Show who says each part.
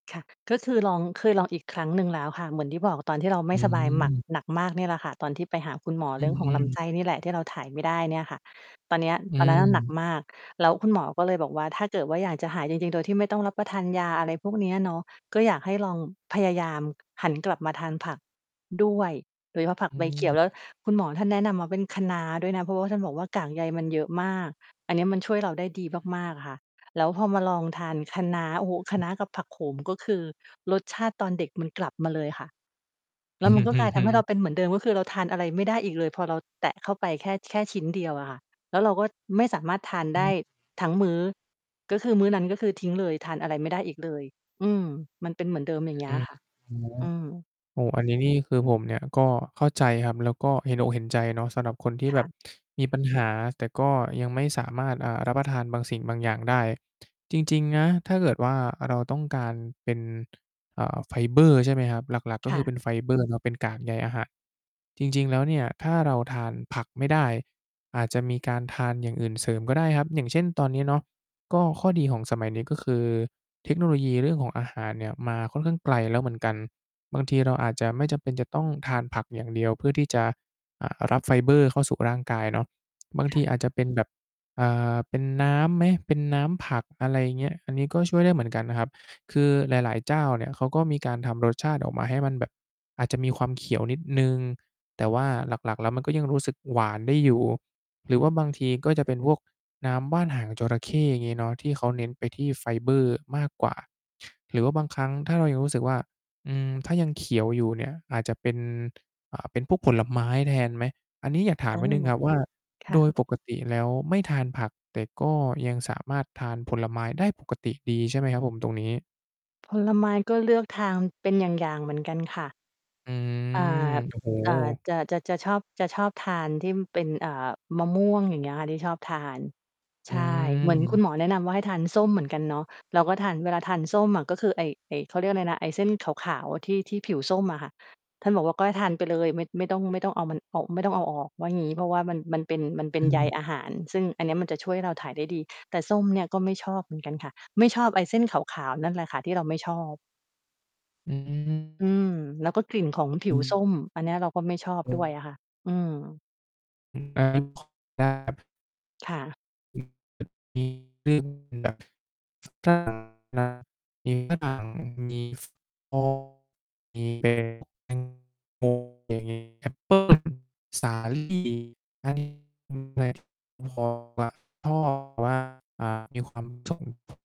Speaker 1: ค่ะ ก็คือลอง เคยลองอีกครั้งหนึ่งแล้วค่ะ เหมือนที่บอกตอนที่เราไม
Speaker 2: อ
Speaker 1: ่สบายหมัก
Speaker 2: ืม
Speaker 1: หนักมากเนี่ยแหละค่ะ ตอนที่ไปหาคุณหมอ
Speaker 2: อื
Speaker 1: เรื่อ
Speaker 2: ม
Speaker 1: งข
Speaker 2: อ
Speaker 1: อ
Speaker 2: ื
Speaker 1: งลำไส
Speaker 2: ม
Speaker 1: ้นี่แหละที่เราถ่ายไม่ได้เนี่ยค่ะ ตอนเนี้ย
Speaker 2: อื
Speaker 1: ตอนนั้นอะหนัก
Speaker 2: ม
Speaker 1: มาก แล้วคุณหมอก็เลยบอกว่า ถ้าเกิดว่าอยากจะหายจริง ๆ โดยที่ไม่ต้องรับประทานยา อะไรพวกนี้อะเนาะ ก็อยากให้ลองพยายามหันกลับมาทานผักด้วย โดยเฉพาะผัก
Speaker 2: อื
Speaker 1: ใบเขีย
Speaker 2: ม
Speaker 1: ว แล้วคุณหมอท่านแนะนำมาเป็นคะน้าด้วยนะ เพราะว่าท่านบอกว่ากากใยมันเยอะมาก อันนี้มันช่วยเราได้ดี
Speaker 2: อืม
Speaker 1: มาก ๆ ค่ะ แล้วพอมาลองทานคะน้า โอ้โฮ คะน้ากับผักโขม ก็คือรสชาติตอนเด็กมันกลับมาเลยค่ะ แ
Speaker 2: อ
Speaker 1: ล้
Speaker 2: ื
Speaker 1: วมัน
Speaker 2: อ
Speaker 1: ก็
Speaker 2: ฮ
Speaker 1: กลายท
Speaker 2: ึ
Speaker 1: ำให้เร
Speaker 2: ๆ
Speaker 1: าเป็นเหมือนเดิม ก็คือเราทานอะไรไม่ได้อีกเลย พอเราแตะเข้าไปแค่ แค่ชิ้นเดียวอะค่ะ แล้วเราก็ไม่สามารถทาน
Speaker 2: อ
Speaker 1: ได้
Speaker 2: ืม
Speaker 1: ทั้งมื้อ ก็คือมื้อนั้น ก็คือทิ้งเลย ทานอะไรไม่ได้อีกเลย อืม มันเป็นเหมือนเดิม อย่างเงี
Speaker 2: อ
Speaker 1: ้
Speaker 2: ื
Speaker 1: ย
Speaker 2: ม
Speaker 1: ค่ะ
Speaker 2: อือฮึ
Speaker 1: อืม
Speaker 2: โอ้โฮ อันนี้นี่คือผมเนี่ยก็เข้าใจครับ แล้วก็เห็นอกเห็นใจเนาะ สำหรับคนที่
Speaker 1: ค
Speaker 2: แบ
Speaker 1: ่
Speaker 2: บ
Speaker 1: ะ
Speaker 2: มีปัญหา แต่ก็ยังไม่สามารถ เอ่อ รับประทานบางสิ่งบางอย่างได้ จริง ๆ นะ ถ้าเกิดว่าเราต้องการเป็น อ่า ไฟเบอร์ ใช่ไหมครับ หลัก ๆ ก็
Speaker 1: ค
Speaker 2: ค
Speaker 1: ่
Speaker 2: ือเ
Speaker 1: ะ
Speaker 2: ป็นไฟ เบอร์เป็นกากใยอาหาร จริง ๆ แล้วเนี่ยถ้าเราทานผักไม่ได้อาจจะมีการทานอย่างอื่นเสริมก็ได้ครับ อย่างเช่นตอนนี้เนาะ ก็ข้อดีของสมัยนี้ก็คือ เทคโนโลยีเรื่องของอาหารเนี่ยมาค่อนข้างไกลแล้วเหมือนกัน บางทีเราอาจจะไม่จำเป็นจะต้องทานผักอย่างเดียวเพื่อที่จะ อ่า รับไฟเบอร์เข้าสู่ร่างกายเนาะ บาง
Speaker 1: ค
Speaker 2: ท
Speaker 1: ่
Speaker 2: ี
Speaker 1: ะ
Speaker 2: อาจจะเป็นแบบ อ่า เป็นน้ำไหม เป็นน้ำผัก อะไรอย่างเงี้ย อันนี้ก็ช่วยได้เหมือนกันนะครับ คือหลาย ๆ เจ้าเนี่ยเขาก็มีการทำรสชาติออกมาให้มันแบบอาจจะมีความเขียวนิดหนึ่ง แต่ว่าหลัก ๆ แล้วมันก็ยังรู้สึกหวานได้อยู่ หรือว่าบางทีก็จะเป็นพวกน้ำว่านหางจระเข้ อย่างงี้เนาะ ที่เขาเน้นไปที่ไฟเบอร์มากกว่า หรือว่าบางครั้ง ถ้าเรายังรู้สึกว่า อืม ถ้ายังเขียวอยู่เนี่ย อาจจะเป็น อ่า เป็นพวกผลไม้แทนไหม อันนี้อยากถา
Speaker 1: อ
Speaker 2: ม
Speaker 1: ื
Speaker 2: นิด
Speaker 1: ม
Speaker 2: หนึ่งครับ ว่า
Speaker 1: ค
Speaker 2: โ
Speaker 1: ่ะ
Speaker 2: ดยปกติแล้วไม่ทานผัก แต่ก็ยังสามารถทานผลไม้ได้ปกติดีใช่ไหมครับผมตรงนี้?
Speaker 1: ผลไม้ก็เลือกทานเป็นอย่าง ๆ เหมือนกันค่ะ
Speaker 2: อื
Speaker 1: อ่า
Speaker 2: ม โอ้โ
Speaker 1: อ่า
Speaker 2: ฮ
Speaker 1: จะ จะ จะชอบ จะชอบทานที่มันเป็น อ่า มะม่วงอย่างเงี้ยค่ะที่ชอบทาน
Speaker 2: อ
Speaker 1: ใช่ เหมือนคุณ
Speaker 2: ืม
Speaker 1: หมอแนะนำว่าให้ทานส้มเหมือนกันเนาะ เราก็ทาน เวลาทานส้มอะ ก็คือไอ้ ไอ้ เขาเรียกอะไรนะ ไอ้เส้นขาว ๆ ที่ ที่ผิวส้มอะค่ะ ท่านบอกว่าก็ให้ทานไปเลย ไม่ ไม่ต้อง ไม่ต้องเอามันออก ไม่ต้องเอาออกว่างี้ เพราะว่ามัน มันเป็น มันเป็
Speaker 2: อ
Speaker 1: น
Speaker 2: ื
Speaker 1: ใย
Speaker 2: ม
Speaker 1: อาหาร ซึ่งอันนี้มันจะช่วยให้เราถ่ายได้ดี แต่ส้มเนี่ยก็ไม่ชอบเหมือนกันค่ะ ไม่ชอบไอ้เส้นขาว ๆ นั่นแหละค่ะ ที่เราไม่ชอบ
Speaker 2: อืม
Speaker 1: อื
Speaker 2: ๆ ๆ
Speaker 1: ม แล้วก็กลิ่นของผิวส้ม อันเนี้ยเราก็ไม่ชอบด้วยอะค่ะ อืม ค่ะ
Speaker 2: คือแบบ มี แอปเปิล สาลี่ มีความ